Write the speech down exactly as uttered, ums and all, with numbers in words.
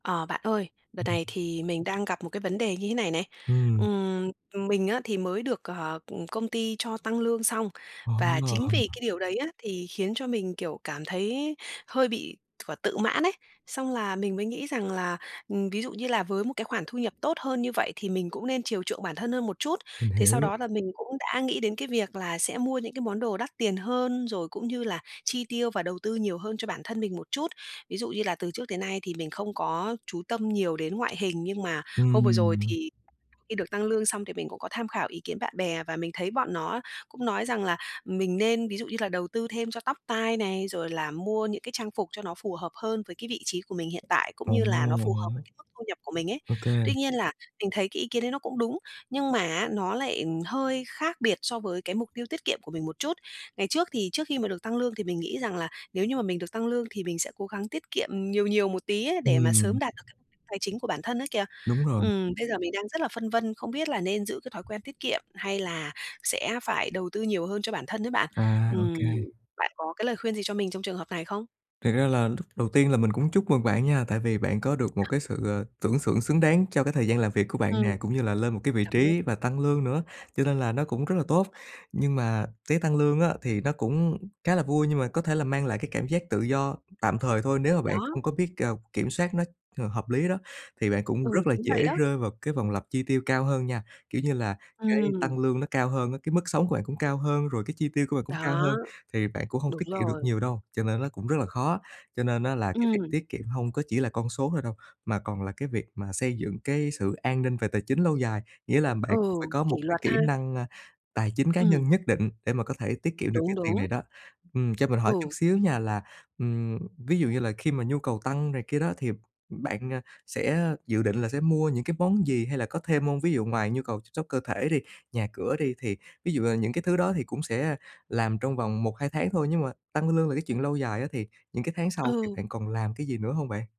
Ờ, bạn ơi, đợt này thì mình đang gặp một cái vấn đề như thế này này. Ừm. Ừm, mình á thì mới được, ờ, ừm, công ty cho tăng lương xong. Ờ. Và chính vì cái điều đấy á thì khiến cho mình, kiểu, cảm thấy hơi bị quả tự mãn ấy, xong là mình mới nghĩ rằng là, ừm, ví dụ như là với một cái khoản thu nhập tốt hơn như vậy thì mình cũng nên chiều chuộng bản thân hơn một chút. Mình Thế sau hiểu. đó là mình cũng đã nghĩ đến cái việc là sẽ mua những cái món đồ đắt tiền hơn, rồi cũng như là chi tiêu và đầu tư nhiều hơn cho bản thân mình một chút. Ví dụ như là từ trước tới nay thì mình không có chú tâm nhiều đến ngoại hình, nhưng mà hôm vừa rồi Ừm. thì khi được tăng lương xong thì mình cũng có tham khảo ý kiến bạn bè, và mình thấy bọn nó cũng nói rằng là mình nên ví dụ như là đầu tư thêm cho tóc tai này, rồi là mua những cái trang phục cho nó phù hợp hơn với cái vị trí của mình hiện tại, cũng Ờ. như là nó phù hợp với cái mức thu nhập của mình ấy. OK. Tuy nhiên là, mình thấy cái ý kiến đấy nó cũng đúng, nhưng mà á nó lại, ừm, hơi khác biệt so với cái mục tiêu tiết kiệm của mình một chút. Ngày trước thì trước khi mà được tăng lương thì mình nghĩ rằng là nếu như mà mình được tăng lương thì mình sẽ cố gắng tiết kiệm nhiều nhiều một tí ấy, để mà Ừm. sớm đạt được cái mục đích tài chính của bản thân ấy kìa. Đúng rồi. Ừm, bây giờ mình đang rất là phân vân, không biết là nên giữ cái thói quen tiết kiệm hay là sẽ phải đầu tư nhiều hơn cho bản thân ấy bạn. À. Ừm, OK. bạn có cái lời khuyên gì cho mình trong trường hợp này không? Thiệt ra là lúc đầu tiên là mình cũng chúc mừng bạn nha, tại vì bạn có được một cái sự, ờ, tưởng xưởng xứng đáng cho cái thời gian làm việc của bạn Ừm. nè, cũng như là lên một cái vị Cảm ơn. trí và tăng lương nữa, cho nên là nó cũng rất là tốt. Nhưng mà tái tăng lương á thì nó cũng khá là vui, nhưng mà có thể là mang lại cái cảm giác tự do tạm thời thôi, nếu mà Ừ, bạn không đó. có biết, ờ, kiểm soát nó h hợp lý đó, thì bạn cũng Ừ, rất là chính dễ vậy đó. rơi vào cái vòng lặp chi tiêu cao hơn nha. Kiểu như là, cái Ừm. tăng lương nó cao hơn á, cái mức sống của bạn cũng cao hơn, rồi cái chi tiêu của bạn cũng cao hơn, Đó. thì bạn cũng hông Đúng tiết kiệm được rồi. nhiều đâu, cho nên nó cũng rất là khó á. Cho nên á là cái việc Ừm. tiết kiệm hông có chỉ là con số thôi đâu, mà còn là cái việc mà xây dựng cái sự an ninh về tài chính lâu dài. Nghĩa là bạn Ừ, cũng phải có một kỷ cái luật kỹ ha? năng, a, tài chính cá Ừm. nhân nhất định để mà có thể tiết kiệm được cái Đúng, tiền đúng. này đó. Ừm, cho mình hỏi chút Ừ. xíu nha là, ừm, ví dụ như là khi mà nhu cầu tăng này kia đó thì bạn, à, sẽ dự định là sẽ mua những cái món gì? Hay là có thêm hông? Ví dụ ngoài nhu cầu chăm sóc cơ thể đi, nhà cửa đi, thì ví dụ là những cái thứ đó thì cũng sẽ làm trong vòng một hai tháng thôi, nhưng mà tăng lương là cái chuyện lâu dài á, thì những cái tháng sau thì Ừ. bạn còn làm cái gì nữa hông bạn?